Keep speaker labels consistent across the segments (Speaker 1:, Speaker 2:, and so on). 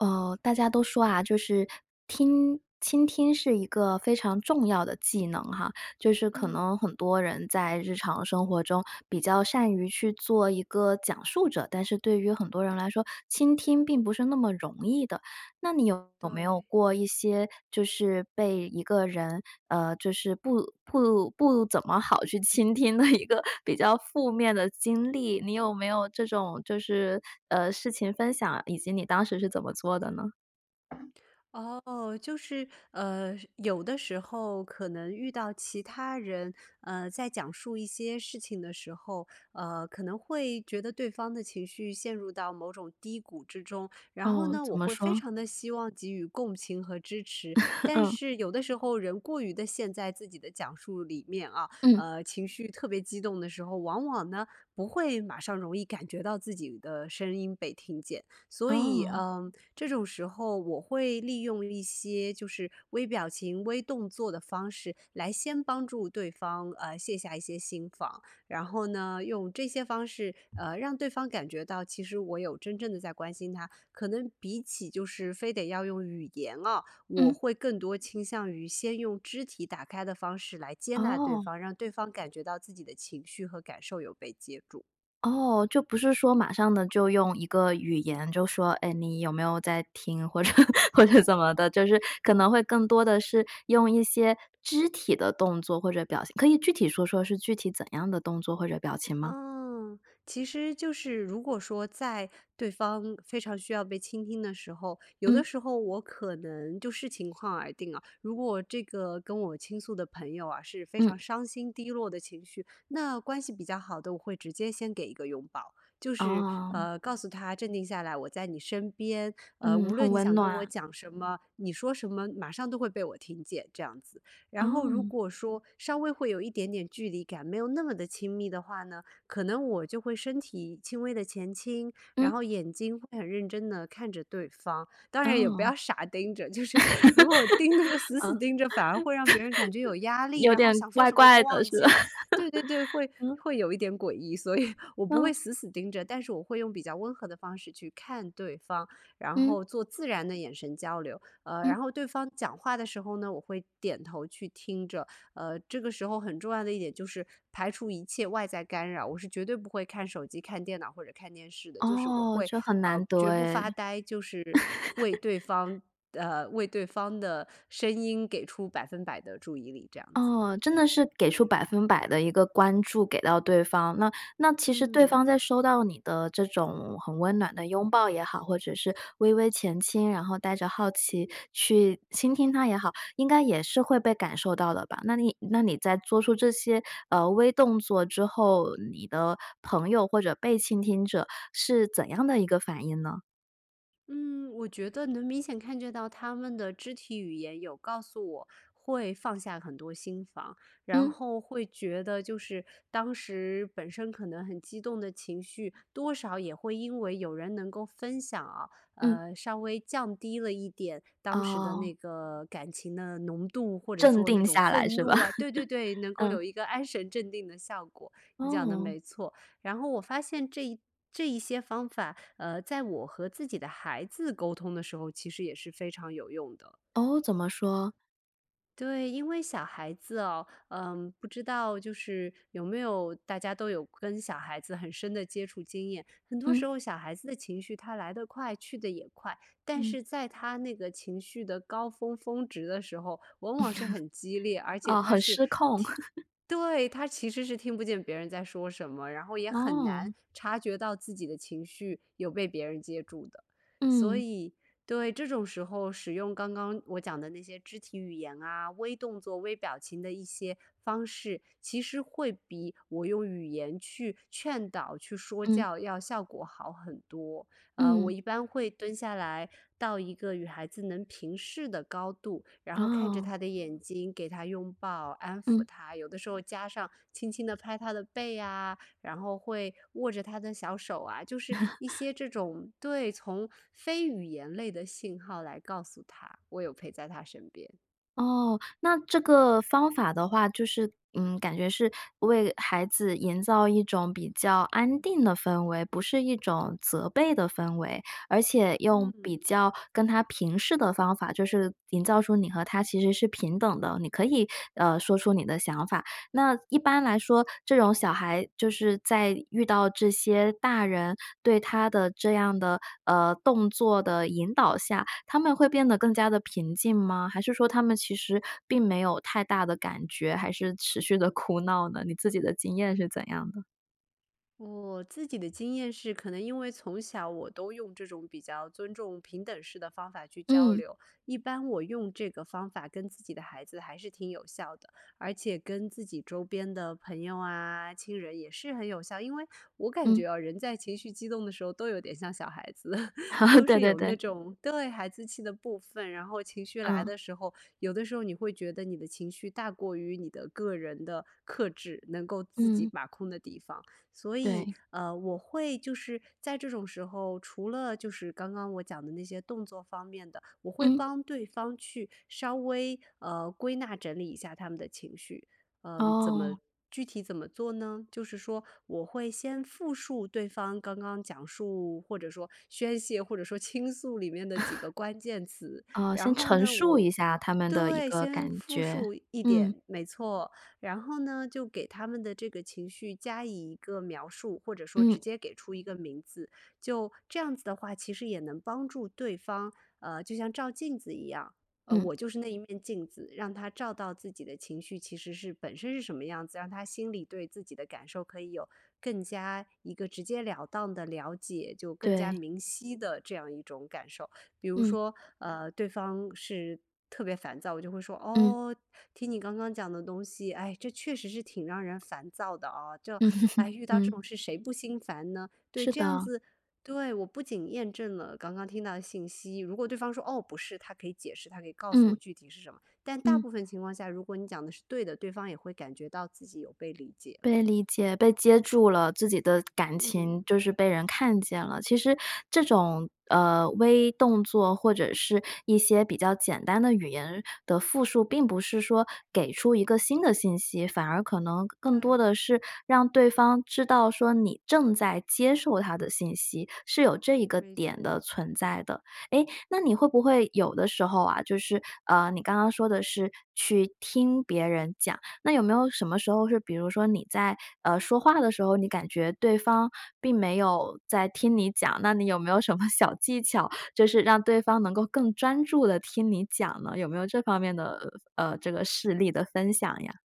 Speaker 1: 哦，大家都说啊，就是听倾听是一个非常重要的技能哈，就是可
Speaker 2: 嗯。
Speaker 1: 能很多人在日常生活中比较善于去做一个讲述者，但是对于很多人来说，倾听并不是那么容易的。那你有没有
Speaker 2: 对。
Speaker 1: 过一些就是被一个人，呃，就是不不不怎么好去倾听的一个比较负面的经历？你有没有这种就是，呃，事情分享，以及你当时是怎么做的呢？
Speaker 2: 哦，就是，呃，有的时候可能遇到其他人，呃，在讲述一些事情的时候，呃，可能会觉得对方的情绪陷入到某种低谷之中，然后
Speaker 1: 哦，
Speaker 2: 呢，
Speaker 1: 怎
Speaker 2: 我
Speaker 1: 么
Speaker 2: 会非
Speaker 1: 说？
Speaker 2: 常地希望给予共情和支持。但
Speaker 1: 嗯。
Speaker 2: 是有的时候人过于地陷在自己的讲述里面啊，
Speaker 1: 嗯。
Speaker 2: 呃，情绪特别激动的时候，往往呢，不会马上容易感觉到自己的声音被听见。所以，
Speaker 1: 哦。
Speaker 2: 嗯，这种时候我会利用一些就是微表情、微动作的方式来先帮助对方，呃，卸下一些心防。然后呢，用这些方式，呃，让对方感觉到，其实我有真正地在关心他，可能比起就是非得要用语言啊，我
Speaker 1: 嗯。
Speaker 2: 会更多倾向于先用肢体打开的方式来接纳对
Speaker 1: 哦。
Speaker 2: 方，让对方感觉到自己的情绪和感受有被接住。
Speaker 1: 哦，就不是说马上呢就用一个语言就说，哎，你有没有在听或者或者怎么的，就是可能会更多的是用一些肢体的动作或者表情。可以具体说说是具体怎样的动作或者表情吗？
Speaker 2: 啊，其实就是如果说在对方非常需要被倾听的时候，有的
Speaker 1: 嗯。
Speaker 2: 时候我可能就视情况而定啊。如果这个跟我倾诉的朋友啊，是非
Speaker 1: 嗯。
Speaker 2: 常伤心低落的情绪，那关系比较好的，我会直接先给一个拥抱。就是，
Speaker 1: 哦。
Speaker 2: 呃，告诉他镇定下来，我在你身边，呃，
Speaker 1: 嗯，
Speaker 2: 无
Speaker 1: 很
Speaker 2: 论你
Speaker 1: 温
Speaker 2: 想跟我
Speaker 1: 暖。
Speaker 2: 讲什么，你说什么马上都会被我听见这样子。然后如
Speaker 1: 哦。
Speaker 2: 果说稍微会有一点点距离感，没有那么的亲密的话呢，可能我就会身体轻微的前倾，然
Speaker 1: 嗯。
Speaker 2: 后眼睛会很认真地看着对方，当然也不
Speaker 1: 哦。
Speaker 2: 要傻盯着，就
Speaker 1: 嗯。
Speaker 2: 是 如果盯那个死死盯着，反而会让别人感觉有压力，
Speaker 1: 有
Speaker 2: 然后
Speaker 1: 点
Speaker 2: 想说
Speaker 1: 怪
Speaker 2: 什么都
Speaker 1: 怪的
Speaker 2: 忘
Speaker 1: 是
Speaker 2: 记
Speaker 1: 吧？
Speaker 2: 了。对对对，会
Speaker 1: 嗯。
Speaker 2: 会有一点诡异，所以我不会
Speaker 1: 哦。
Speaker 2: 死死盯着，但是我会用比较温和的方式去看对方，然
Speaker 1: 嗯。
Speaker 2: 后做自然的眼神交流。呃，
Speaker 1: 嗯。
Speaker 2: 然后对方讲话的时候呢，我会点头去听着，呃，这个时候很重要的一点就是排除一切外在干扰，我是绝对不会看手机看电脑或者看电视的，就是我
Speaker 1: 哦，
Speaker 2: 会，
Speaker 1: 就很
Speaker 2: 呃，
Speaker 1: 难得
Speaker 2: 绝不
Speaker 1: 哎。
Speaker 2: 发呆，就是为对 方，呃，为对方的声音给出100%的注意力，这样子。
Speaker 1: 哦，真的是给出100%的一个关注给到对方。那那其实对
Speaker 2: 嗯。
Speaker 1: 方在收到你的这种很温暖的拥抱也好，或者是微微前倾，然后带着好奇去倾听他也好，应该也是会被感受到的吧，那你那你在做出这些，呃，微动作之后，你的朋友或者被倾听者是怎样的一个反应呢？
Speaker 2: 嗯，我觉得能明显看见到他们的肢体语言有告诉我，会放下很多心防。然
Speaker 1: 嗯。
Speaker 2: 后会觉得就是当时本身可能很激动的情绪，多少也会因为有人能够分享啊，
Speaker 1: 嗯。
Speaker 2: 呃，稍微降低了一点，当时的
Speaker 1: 哦。
Speaker 2: 那个感情的浓度，或者
Speaker 1: 镇
Speaker 2: 说那
Speaker 1: 定
Speaker 2: 种
Speaker 1: 下来
Speaker 2: 愤
Speaker 1: 是吧？
Speaker 2: 怒啊。对对对，能 够
Speaker 1: 嗯。
Speaker 2: 有一个安神镇定的效果，你讲得
Speaker 1: 哦。
Speaker 2: 没错。然后我发现这一这一些方法，呃，在我和自己的孩子沟通的时候，其实也是非常有用的。
Speaker 1: 哦？怎么说？
Speaker 2: 对，因为小孩子哦，嗯，不知道就是有没有大家都有跟小孩子很深的接触经验，很多时
Speaker 1: 嗯。
Speaker 2: 候小孩子的情绪它来得快去得也快。但
Speaker 1: 嗯。
Speaker 2: 是在他那个情绪的高峰峰值的时候，往往是很激烈，而且
Speaker 1: 哦，
Speaker 2: 它
Speaker 1: 很
Speaker 2: 是
Speaker 1: 失控。
Speaker 2: 听 对，他其实是听不见别人在说什么，然后也很
Speaker 1: 哦。
Speaker 2: 难察觉到自己的情绪有被别人接住的。所
Speaker 1: 嗯。
Speaker 2: 以对，这种时候使用刚刚我讲的那些肢体语言啊，微动作、微表情的一些方式，其实会比我用语言去劝导、去说
Speaker 1: 嗯。
Speaker 2: 教要效果好很多。呃，我
Speaker 1: 嗯。
Speaker 2: 一般会蹲下来到一个与孩子能平视的高度，然后看着
Speaker 1: 哦。
Speaker 2: 他的眼睛给他拥抱，安抚
Speaker 1: 嗯。
Speaker 2: 他，有的时候加上轻轻地拍他的背呀，然后会握着他的小手啊，就是一 些这种对从非语言类的信号来告诉他，我有陪在他身边。
Speaker 1: 哦，那这个方法的话，就是嗯，感觉是为孩子营造一种比较安定的氛围，不是一种责备的氛围。而且用比
Speaker 2: 嗯。
Speaker 1: 较跟他平视的方法，就是营造出你和他其实是平等的，你可以，呃，说出你的想法。那一般来说，这种小孩就是在遇到这些大人对他的这样的，呃，动作的引导下，他们会变得更加地平静吗？还是说他们其实并没有太大的感觉，还是持续地哭闹呢？你自己的经验是怎样的？
Speaker 2: 我自己的经验是，可能因为从小我都用这种比较尊重平等式的方法去交
Speaker 1: 嗯。
Speaker 2: 流，一般我用这个方法跟自己的孩子还是挺有效的。而且跟自己周边的朋友啊、亲人也是很有效。因为我感觉，
Speaker 1: 嗯。
Speaker 2: 啊，人在情绪激动的时候都有点像小孩子，都
Speaker 1: 对
Speaker 2: 是
Speaker 1: 对
Speaker 2: 有
Speaker 1: 对。
Speaker 2: 那种，对，孩子气的部分，然后情绪来
Speaker 1: 嗯。
Speaker 2: 的时候，有的时候你会觉得你的情绪大过于你的个人的克制，能够自己
Speaker 1: 嗯。
Speaker 2: 把控的地方。所以，
Speaker 1: 对。
Speaker 2: 呃，我会就是在这种时候，除了就是刚刚我讲的那些动作方面的，我会
Speaker 1: 嗯。
Speaker 2: 帮对方去稍微，呃，归纳整理一下他们的情绪。呃，怎么
Speaker 1: 哦。
Speaker 2: 具体怎么做呢？就是说我会先复述对方刚刚讲述或者说宣泄，或者说倾诉里面的几个 关键词。
Speaker 1: 啊，
Speaker 2: 然
Speaker 1: 先
Speaker 2: 后
Speaker 1: 陈
Speaker 2: 呢，
Speaker 1: 述
Speaker 2: 我
Speaker 1: 一下他们的一
Speaker 2: 对，
Speaker 1: 个
Speaker 2: 先
Speaker 1: 感
Speaker 2: 复
Speaker 1: 觉，
Speaker 2: 述一
Speaker 1: 嗯。
Speaker 2: 点，没错。然后呢，就给他们的这个情绪加以一个描述，或者说
Speaker 1: 嗯。
Speaker 2: 直接给出一个名字。就这样子的话，其实也能帮助对方，呃，就像照镜子一样，呃，
Speaker 1: 嗯。
Speaker 2: 我就是那一面镜子，让他照到自己的情绪，其实是本身是什么样子，让他心里对自己的感受可以有更加一个直接了当的了解，就更加
Speaker 1: 对。
Speaker 2: 明晰的这样一种感受。比如
Speaker 1: 嗯。
Speaker 2: 说，呃，对方是特别烦躁，我就会说：
Speaker 1: 嗯。
Speaker 2: “哦，听你刚刚讲的东西，唉，这确实是挺让人烦躁的啊。就，
Speaker 1: 嗯。
Speaker 2: 唉，遇到这
Speaker 1: 嗯。
Speaker 2: 种事谁不心烦呢？”对，
Speaker 1: 是
Speaker 2: 这样
Speaker 1: 的。
Speaker 2: 子，对，我不仅验证了刚刚听到的信息，如果对方说：“哦，不是”，他可以解释，他可以告诉
Speaker 1: 嗯。
Speaker 2: 我具体是什么。但大
Speaker 1: 嗯。
Speaker 2: 部分情况下，如果你讲得是对的，对方也会感觉到自己有被理解了。
Speaker 1: 被理解、被接住了，自己的感情
Speaker 2: 嗯。
Speaker 1: 就是被人看见了。其实这种，呃，微动作或者是一些比较简单的语言的复述，并不是说给出一个新的信息，反而可能更更多
Speaker 2: 对。
Speaker 1: 的是让对方知道说你正在接受他的信息，是有这一个
Speaker 2: 没
Speaker 1: 点
Speaker 2: 错。
Speaker 1: 的存在的。哎，那你会不会有的时候啊，就是，呃，你刚刚说的是去听别人讲，那有没有什么时候是比如说你在，呃，说话的时候，你感觉对方并没有在听你讲。那你有没有什么小技巧，就是让对方能够更专注地听你讲呢？有没有这方面的，呃，这个事例的分享呀？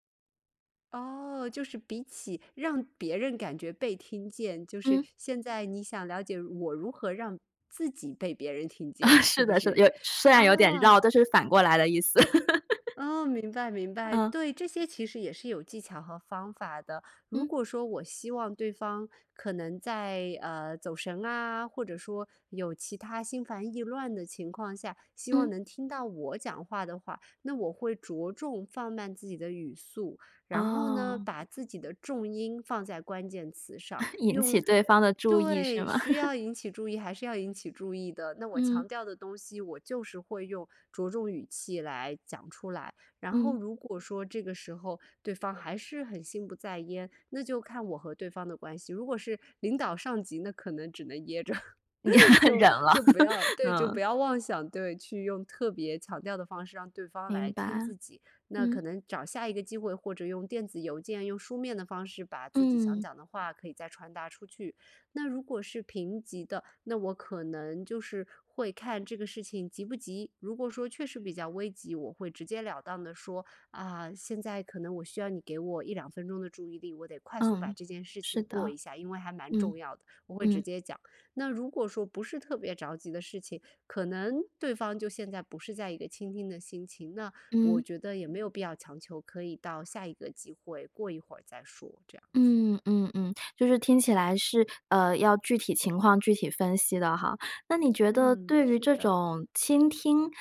Speaker 2: 哦，就是比起让别人感觉被听见，就是
Speaker 1: 嗯。
Speaker 2: 现在你想了解我如何让自己被别人听见，是
Speaker 1: 是
Speaker 2: 不
Speaker 1: 的，是的。
Speaker 2: 是？
Speaker 1: 有虽然有点绕，
Speaker 2: 啊。
Speaker 1: 但是反过来的意思。
Speaker 2: 哦，明白，明白。
Speaker 1: 嗯。
Speaker 2: 对，这些其实也是有技巧和方法的。如
Speaker 1: 嗯。
Speaker 2: 果说我希望对方可能在，呃，走神啊，或者说有其它心烦意乱的情况下，希望
Speaker 1: 嗯。
Speaker 2: 能听到我讲话的话，那我会着重放慢自己的语速。然后呢，
Speaker 1: 哦。
Speaker 2: 把自己的重音放在关键词上。
Speaker 1: 引
Speaker 2: 用
Speaker 1: 起对
Speaker 2: 呃，
Speaker 1: 方的注意，是
Speaker 2: 对，
Speaker 1: 吗？
Speaker 2: 需 要引起注意，还是要引起注意的。那我
Speaker 1: 嗯。
Speaker 2: 强调的东西，我就是会用着重语气来讲出来。然后
Speaker 1: 嗯。
Speaker 2: 如果说这个时候，对方还是很心不在焉，那就看我和对方的关系。如果是领导上级，那可能只能噎着。就
Speaker 1: 忍了，
Speaker 2: 就不要 对，就不
Speaker 1: 嗯。
Speaker 2: 要妄想，对，去用特别强调的方式让对方
Speaker 1: 明
Speaker 2: 来听
Speaker 1: 白，
Speaker 2: 自己。那
Speaker 1: 嗯。
Speaker 2: 可能找下一个机会，或者用电子邮件，用书面的方式，把自己想
Speaker 1: 嗯。
Speaker 2: 讲的话可以再传达出去。那如果是平级的，那我可能就是会看这个事情急不急，如果说确实比较危急，我会直截了当地说：“啊，现在可能我需要你给我1-2分钟的注意力，我得快速把
Speaker 1: 嗯，
Speaker 2: 这件事
Speaker 1: 是
Speaker 2: 情过
Speaker 1: 的。
Speaker 2: 一下，因为还蛮
Speaker 1: 嗯，
Speaker 2: 重要的”，我会直
Speaker 1: 嗯。
Speaker 2: 接讲。那如果说不是特别着急的事情，可能对方就现在不是在一个倾听的心情，那我
Speaker 1: 嗯。
Speaker 2: 觉得也没有必要强求，可以到下一个机会，过一会儿再说，这样子。
Speaker 1: 嗯，嗯，嗯，就是听起来是，呃，要具体情况具体分析的哈。那你觉得
Speaker 2: 嗯，
Speaker 1: 对于
Speaker 2: 是
Speaker 1: 这
Speaker 2: 的。
Speaker 1: 种倾听，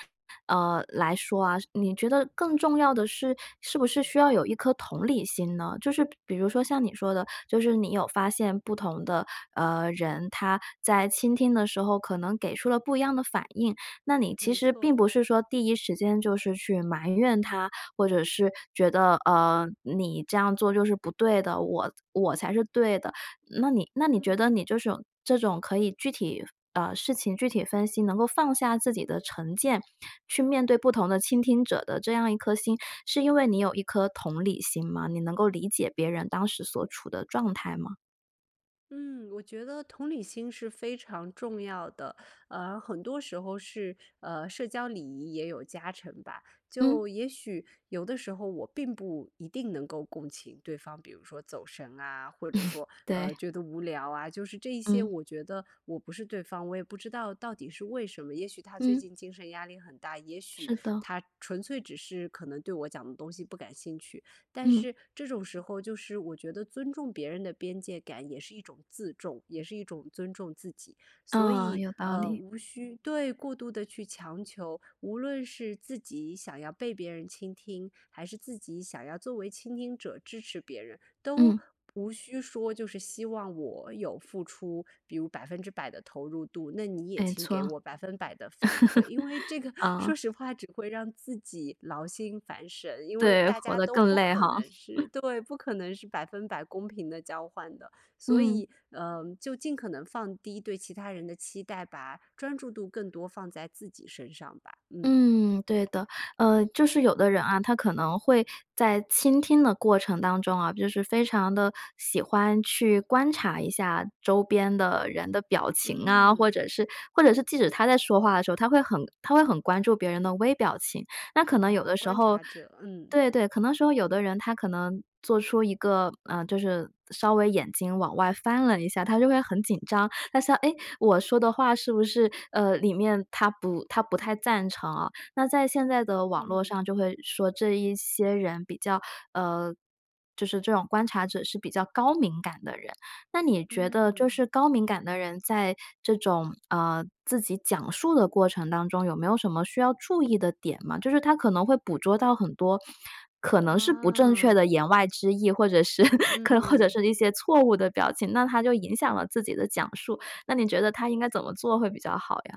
Speaker 1: 呃，来说啊，你觉得更重要的是，是不是需要有一颗同理心呢？就是比比如说像你说的，就是你有发现不同的，呃，人，他在倾听的时候，可能给出了不一样的反应。那你其
Speaker 2: 没
Speaker 1: 实并
Speaker 2: 错。
Speaker 1: 不是说，第一时间就是去埋怨他，或者是觉得，呃，你这样做就是不对的，我我才是对的。那你那你觉
Speaker 2: 嗯。
Speaker 1: 得你就是这种这种可以具体，呃，事情具体分析，能够放下自己的成见，去面对不同的倾听者的这样一颗心，是因为你有一颗同理心吗？你能够理解别人当时所处的状态吗？
Speaker 2: 嗯，我觉得同理心是非常重要的，呃，很多时候是，呃，社交礼仪也有加成吧。
Speaker 1: 嗯。
Speaker 2: 就也许有的时候我并不一定能够共情对方，比如说走神啊，或者说，
Speaker 1: 对。
Speaker 2: 呃，觉得无聊啊。就是这一些
Speaker 1: 嗯。
Speaker 2: 我觉得我不是对方，我也不知道到底是为什么，也许他最
Speaker 1: 嗯。
Speaker 2: 近精神压力很大，也许
Speaker 1: 是的。
Speaker 2: 他纯粹只是可能对我讲的东西不感兴趣。但
Speaker 1: 嗯。
Speaker 2: 是这种时候就是我觉得尊重别人的边界感也是一种自重，也是一种尊重自己。所
Speaker 1: 嗯，
Speaker 2: 以，
Speaker 1: 有道
Speaker 2: 呃，
Speaker 1: 理。
Speaker 2: 无需对，过度的去强求，无论是自己想要被别人倾听，还是自己想要作为倾听者支持别人，都
Speaker 1: 嗯。
Speaker 2: 无需说就是，希望我有付出，比如100%的投入度，那你也
Speaker 1: 没
Speaker 2: 请给
Speaker 1: 错。
Speaker 2: 我100%的反馈。因为这个 说
Speaker 1: 啊。
Speaker 2: 实话只会让自己劳心烦神，因为
Speaker 1: 对，
Speaker 2: 大
Speaker 1: 活
Speaker 2: 家
Speaker 1: 得
Speaker 2: 都
Speaker 1: 更
Speaker 2: 不
Speaker 1: 累
Speaker 2: 可
Speaker 1: 哈。
Speaker 2: 能是 对，不可能是100%公平地交换的，所
Speaker 1: 嗯。
Speaker 2: 以，嗯，就尽可能放低对其他人的期待，把专注度更多放在自己身上吧，嗯。
Speaker 1: 嗯，对的，呃，就是有的人啊，他可能会在倾听的过程当中啊，就是非常地喜欢去观察一下周边的人的表情啊，或
Speaker 2: 嗯。
Speaker 1: 者是或者是即使他在说话的时候，他会很他会很关注别人的微表情。那可能有
Speaker 2: 啊，
Speaker 1: 的时
Speaker 2: 观
Speaker 1: 候
Speaker 2: 察者，嗯。
Speaker 1: 对对，可能说有的人他可能做出一个，呃，就是稍微眼睛往外翻了一下，他就会很紧张。他想哎，我说的话是不是，呃，里面他不他不太赞成啊。那在现在的网络
Speaker 2: 嗯。
Speaker 1: 上就会说这一些人比较，呃，就是这种观察者是比较高敏感的人。那你觉得就
Speaker 2: 嗯。
Speaker 1: 是高敏感的人在这种，呃，自己讲述的过程当中有没有什么需要注意的点吗？就是他可能会捕捉到很多可能是不正确
Speaker 2: 啊。
Speaker 1: 的言外之意，或者是 或者
Speaker 2: 嗯。
Speaker 1: 是一些错误的表情，那他就影响了自己的讲述，那你觉得他应该怎么做会比较好呀？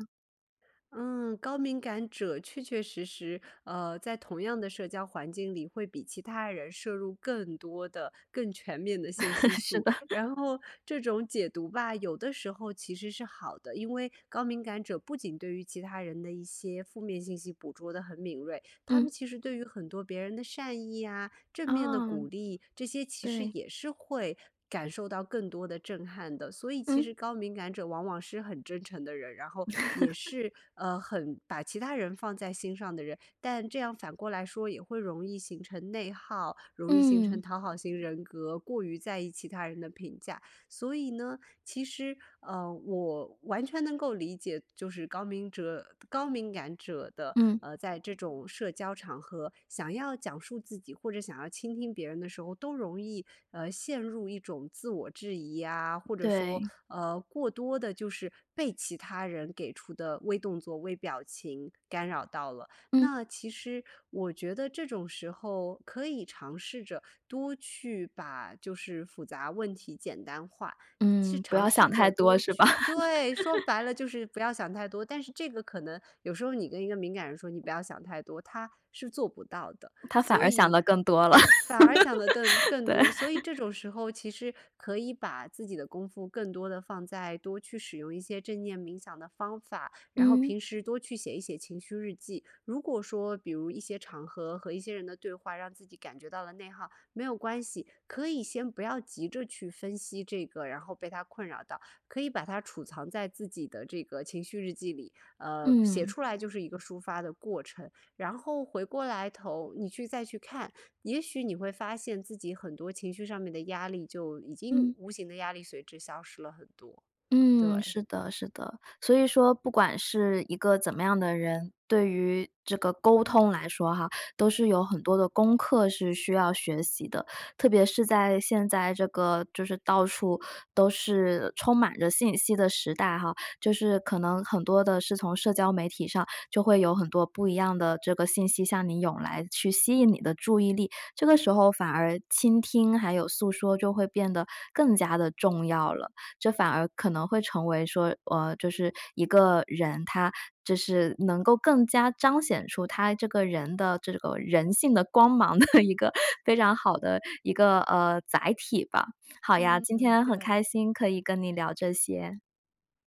Speaker 2: 嗯，高敏感者确确实实，呃，在同样的社交环境里会比其他人摄入更多的更全面的信息
Speaker 1: 是
Speaker 2: 素。
Speaker 1: 的。
Speaker 2: 然后这种解读吧，有的时候其实是好的，因为高敏感者不仅对于其他人的一些负面信息捕捉得很敏锐，他们
Speaker 1: 嗯。
Speaker 2: 其实对于很多别人的善意啊，正面的
Speaker 1: 哦，
Speaker 2: 鼓励，这些其实
Speaker 1: 对。
Speaker 2: 也是会感受到更多的震撼的。所以其
Speaker 1: 嗯。
Speaker 2: 实高敏感者往往是很真诚的人，然后也 是，呃，很把其他人放在心上的人，但这样反过来说也会容易形成内耗，容易形成
Speaker 1: 嗯。
Speaker 2: 讨好型人格，过于在意其他人的评价。所以呢，其实，呃，我完全能够理解就是高敏者，高敏感者的，
Speaker 1: 嗯。
Speaker 2: 呃，在这种社交场合想要讲述自己或者想要倾听别人的时候，都容易，呃，陷入一种自我质疑呀，或者说，
Speaker 1: 对。
Speaker 2: 呃，过多地就是被其他人给出的微动作微表情干扰到了。
Speaker 1: 嗯。
Speaker 2: 那其实我觉得这种时候可以尝试着多去把就是复杂问题简单化，去
Speaker 1: 嗯，不
Speaker 2: 尝
Speaker 1: 要想
Speaker 2: 试
Speaker 1: 太
Speaker 2: 着
Speaker 1: 多
Speaker 2: 多
Speaker 1: 是吧？
Speaker 2: 去对，说白 了就是不要想太多，但是这个可能有时候你跟一个敏感人说你不要想太多，他是做不到的。
Speaker 1: 他反
Speaker 2: 所
Speaker 1: 而想
Speaker 2: 以
Speaker 1: 的更多了。
Speaker 2: 反而想得更 更
Speaker 1: 对。
Speaker 2: 多，所以这 种时候其实可以把自己的功夫更多地放在多去使用一些正念冥想的方法，然后
Speaker 1: 嗯。
Speaker 2: 平时多去写一写情绪日记。如果说比如一些场合和一些人的对话，让自己感觉到了内耗，没有关系，可以先不要急着去分析这个，然后被它困扰到，可以把它储藏在自己的这个情绪日记里，呃，写
Speaker 1: 嗯。
Speaker 2: 出来就是一个抒发的过程。然后回过来头你去再去看，也许你会发现自己很多情绪上面的压力就已经
Speaker 1: 嗯。
Speaker 2: 无形的压力随之消失了很多，
Speaker 1: 嗯，
Speaker 2: 对。
Speaker 1: 是的，是的，所以说不管是一个怎么样的人，对于这个沟通来说哈，都是有很多的功课是需要学习的。特别是在现在这个就是到处都是充满着信息的时代哈，就是可能很多的是从社交媒体上就会有很多不一样的这个信息向你涌来，去吸引你的注意力。这个时候反而倾听还有诉说就会变得更加的重要了，这反而可能会成为说，呃，就是一个人他就是能够更加彰显出他这个人的这个人性的光芒的一个非常好的一个，呃，载体吧。好呀，今
Speaker 2: 嗯，
Speaker 1: 天很
Speaker 2: 对。
Speaker 1: 开心可以跟你聊这些。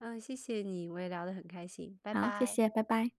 Speaker 2: 嗯，谢谢你，我也聊得很开心，拜
Speaker 1: 好，谢
Speaker 2: 拜。
Speaker 1: 谢，拜拜。